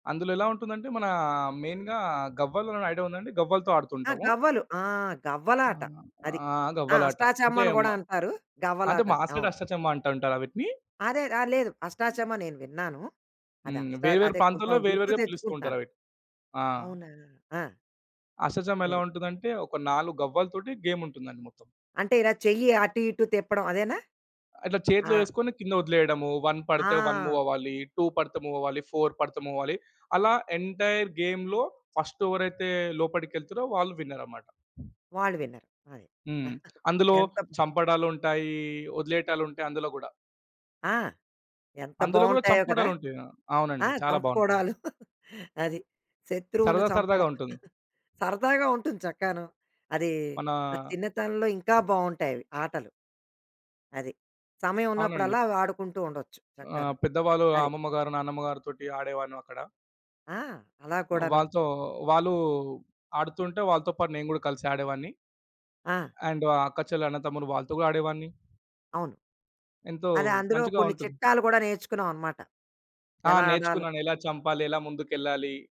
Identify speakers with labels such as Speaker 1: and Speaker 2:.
Speaker 1: అందులో ఎలా ఉంటుందంటే మన మెయిన్‌గా గవ్వలుండడం ఐడియా ఉందా అండి? గవ్వలతో
Speaker 2: ఆ!
Speaker 1: ఆడుతుంటాము.
Speaker 2: గవ్వలు. ఆ!
Speaker 1: ఆ!
Speaker 2: గవ్వలాట అది.
Speaker 1: ఆ!
Speaker 2: ఆ!
Speaker 1: గవ్వలాట అంటే
Speaker 2: అష్టాచమ్మని
Speaker 1: మ
Speaker 2: గూడా అంటారు
Speaker 1: అంటే మా
Speaker 2: గవ్వలాటని.
Speaker 1: సైడ్
Speaker 2: అవును.
Speaker 1: అష్టచమ్మ అంట ఉంటారు అవిట్నీ.
Speaker 2: అదే! ర లేదు అష్టాచమ్మ నేను విన్నాను.
Speaker 1: హ్మ్.
Speaker 2: అదష్ట
Speaker 1: వేరు వేరు
Speaker 2: అదే కొంచెం
Speaker 1: ప్రాంతాల్లో వేరు
Speaker 2: గుర్తు
Speaker 1: వేరుగా పిలుస్తూ
Speaker 2: తెచ్చుకుంటాను.
Speaker 1: ఉంటారవిట్నీ ఆ!
Speaker 2: అవునా? ఆ!
Speaker 1: అష్ట చెమ్మ ఎలా
Speaker 2: సరే.
Speaker 1: ఉంటదంటే ఒక 4 గవ్వలతోటి గేమ్ ఉంటుందండి మొత్తం.
Speaker 2: అంటే ఇలా చెయ్యి అటు ఇటు తిప్పడం అదేనా?
Speaker 1: అట్లా
Speaker 2: ఆ!
Speaker 1: చేతిలో ఎసుకొని కింద వదిలేయడము, 1 పడితే 1 మూవ్
Speaker 2: ఆ!
Speaker 1: అవ్వాలి, 2 పడితే మూవ్ అవ్వాలి 4 పడితే మూవ్ అవ్వాలి. అలా ఎంటైర్ గేమ్‌లో ఫస్ట్ ఎవరైతే లోపడికెళ్తరో వాళ్ళు విన్నరన్నమాట.
Speaker 2: వాళ్ళు విన్నర్ అది.
Speaker 1: హ్మ్. అందులో
Speaker 2: ఎంత
Speaker 1: చంపడాలుంటాయి, వదిలేయడాలుంటాయి అందులో గూడా.
Speaker 2: ఆ! ఎంత
Speaker 1: అందులో గూడా
Speaker 2: బావుంటాయో గదా!
Speaker 1: చంపుకోవడాలు ఉంటాయా?
Speaker 2: ఆ!
Speaker 1: అవునండి. చాలా బావుంటుంది.
Speaker 2: కంపుకోవడాలు అది. శత్రువుని
Speaker 1: సరదా సరదాగా
Speaker 2: చంపడం.
Speaker 1: ఉంటుంది.
Speaker 2: సరదాగా ఉంటుంది చక్కను. అది
Speaker 1: మనా
Speaker 2: నా చిన్నతనంలో ఇంకా బావుంటాయి అవి ఆటలు. అది. సమయం
Speaker 1: అవునండి.
Speaker 2: ఉన్నప్పుడల్లా అవి ఆడుకుంటూ ఉండొచ్చు చక్కాన
Speaker 1: ఆహ్, పెద్దవాళ్ళు
Speaker 2: అది.
Speaker 1: అమ్మమ్మ గారు, నాన్నమ్మ గారి తోటి ఆడేవాన్ను అక్కడ.
Speaker 2: ఆ! అలా కూడాను.
Speaker 1: వాళ్ళతో వాళ్ళు ఆడుతుంటే వాళ్ళతో పాటు నేను గూడా కలిసి ఆడేవాడిని.
Speaker 2: ఆ!
Speaker 1: అండ్ అక్కా చెల్లి, అన్నదమ్ముడు వాళ్ళతో గూడా ఆడేవాడిని.
Speaker 2: అవును.
Speaker 1: ఎంతో
Speaker 2: అదే అందులో
Speaker 1: మంచిగా
Speaker 2: కొన్ని
Speaker 1: ఉంటుంది.
Speaker 2: చిట్కాలు కూడా నేర్చుకున్నామన్నమాట
Speaker 1: ఆ!
Speaker 2: ఎలా ఆడాలో?
Speaker 1: నేర్చుకున్నాను. ఎలా చంపాలి? ఎలా ముందుకెళ్ళాలి?